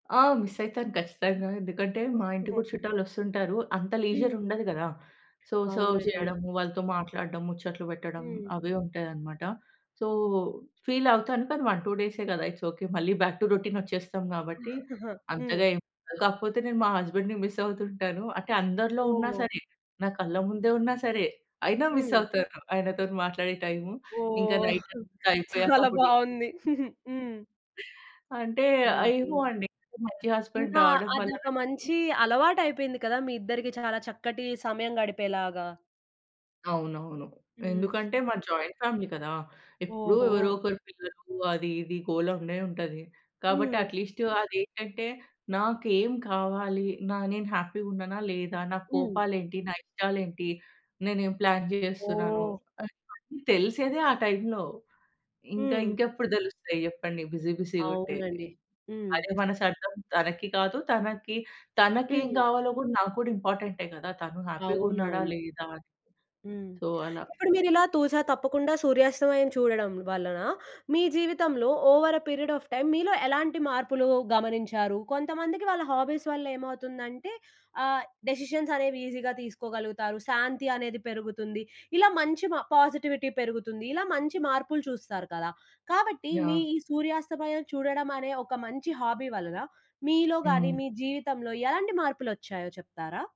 ఆ! మిస్ అయితాను గచ్చతంగా. ఎందుకంటే మా ఇంటికి గూడా చుట్టాలొస్తుంటారు. అంత హ్మ్. లీజర్ ఉండదు గదా! సో సర్వ్ అవునండి. చేయడము వాళ్ళతో మాట్లాడడం, ముచ్చట్లు పెట్టడం హ్మ్. అవే ఉంటాయనమాట. సో ఫీల్ అవుతాను. కానీ 1, 2 డేసే గదా! It's okay. మళ్ళీ బ్యాక్ టు రొటీన్ ఒచ్చేస్తాం కాబట్టి హ్మ్. అంతగా ఏం ఉండదు. కాకపోతే నేను మా హస్బెండ్‌ని మిస్ అవుతుంటాను. అంటే అందరిలో ఉన్నా ఓహ్! సరే నా కళ్ళ ముందే ఉన్నా సరే అయినా మిస్ హ్మ్. అవుతాను. ఆయనతో మాట్లాడే టైము. ఇంకా ఓహ్! నైటంతా అయిపోయాక చాలా అప్పుడు చెప్ బాగుంది. హ్మ్. అంటే ఆహ్, ఏమో ఓహో! అండి. అంటే మంచి హస్బెండ్ ఇంకా రావడం వల్లన అదొక మంచి అలవాటైపోయింది కదా! మీ ఇద్దరికి చాలా చక్కటి సమయం గడిపేలాగా. అవునవును. హ్మ్. ఎందుకంటే మా జాయింట్ ఫ్యామిలీ కదా! ఎప్పుడూ ఎవరో ఓహో! ఒకరు పిల్లలు అది ఇది గోల ఉండే ఉంటది. కాబట్టి హ్మ్. అట్‌లిస్ట్ అదేంటంటే నాకేం కావాలి? నా నేను హ్యాపీ‌గా ఉన్నానా లేదా? నా హ్మ్. కోపాలేంటి? నా ఇష్టాలేంటి? నేనేం ప్లాన్ చేస్తున్నాను? ఓహ్! అ ఇవన్నీ తెలిసేదే ఆ టైంలో. ఇంకా హ్మ్. ఇంకెప్పుడు తెలుస్తాయి జేప్పండి బిజీ బిజీ‌గుంటే. అవునండి. హ్మ్. అదే మనసర్థం తనకి కాదు. తనకి తనకేం హ్మ్. కావాలో గూడా నాకు కూడా ఇంపార్టెంటే కదా! తను హ్యాపీ‌గా ఉన్నాడా అవునవును. లేదా అని. హ్మ్. సో, అలా. ఇప్పుడు మీరిలా తూస తప్పకుండా సూర్యాస్తమయం చూడడం వలన మీ జీవితంలో over a period of time మీలో ఎలాంటి మార్పులు గమనించారు? కొంతమందికి వాళ్ళ హాబీస్ వల్లేమవుతుందంటే ఆహ్ డెసిషన్స్ అనేవి ఈజీగా తీసుకోగలుగుతారు. శాంతి అనేది పెరుగుతుంది. ఇలా మంచి మ పాజిటివిటీ పెరుగుతుంది. ఇలా మంచి మార్పులు చూస్తారు కదా! కాబట్టి మీ యాహ్! ఈ సూర్యాస్తమయం చూడడం అనే ఒక మంచి హాబీ వలన మీలో‌గాని హ్మ్. మీ జీవితంలో ఎలాంటి మార్పులొచ్చాయో చెప్తారా?